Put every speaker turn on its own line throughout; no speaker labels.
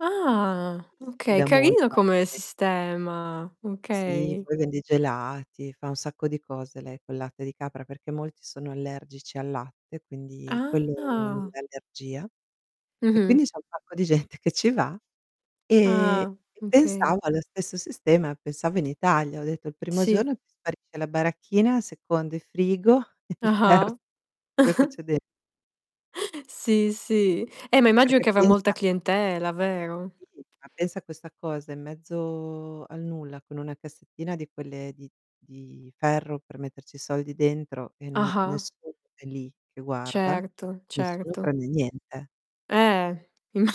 Ah,
Ti
okay
da
carino
molta
come
anche.
sistema.
Sì,
Okay.
poi vende i gelati, fa un sacco di cose lei col latte di capra, perché molti sono allergici al latte quindi quello non
Ah.
dà allergia. E
Mh-mh.
quindi c'è un sacco di gente che ci va e
Ah,
e
okay.
pensavo allo stesso sistema, pensavo in Italia. Ho detto il primo
Sì.
giorno ti sparisce la baracchina, il secondo il frigo, il ter
Ah-ah.
quello che c'è den
Sì, sì. Eh ma immagino
Perché
che avrà molta
pensa
clientela, vero?
Sì, ma pensa a questa cosa in mezzo al nulla con una cassettina di quelle di di ferro per metterci i soldi dentro e non
Ah-ah.
nessuno è lì che guarda,
Certo,
nessuno
certo.
prende niente.
Eh imma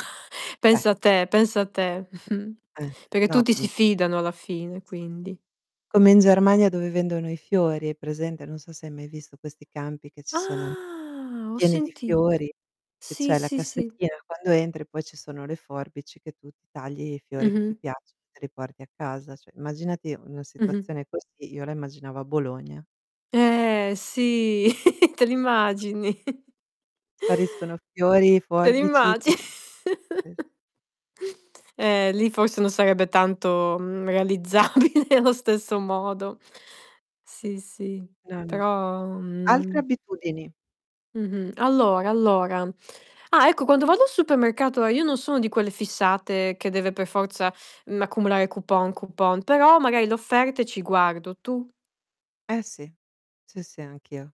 Eh.
pensa te, pensa te.
Eh,
Perché
no,
tutti
mh.
si fidano alla fine, quindi.
Come in Germania dove vendono i fiori, hai presente? Non so se hai mai visto questi campi che ci sono,
Ah, ho
pieni di
sentit
fiori, che
sì,
c'è la
sì, sì.
cassettina, quando entri poi ci sono le forbici che tu ti tagli i fiori che ti
Mh-mh.
piacciono e te li porti a casa. Cioè, immaginati una
Mh-mh.
situazione così io la immaginavo a Bologna.
Eh sì, te l'immagini?
Spariscono fiori,
Te
forbici,
l'immagi
tut sì.
Eh lì forse non sarebbe tanto, mhmm, realizzabile allo stesso modo. Sì, sì,
No, no.
però,
Altre
mhmm
abitudini.
Mh-mh, allora, allora. Ah, ecco, quando vado al supermercato, ehm, io non sono di quelle fissate che deve per forza, mhmm, accumulare coupon, coupon, però magari le offerte ci guardo, tu?
Eh sì, sì, sì, anch'io.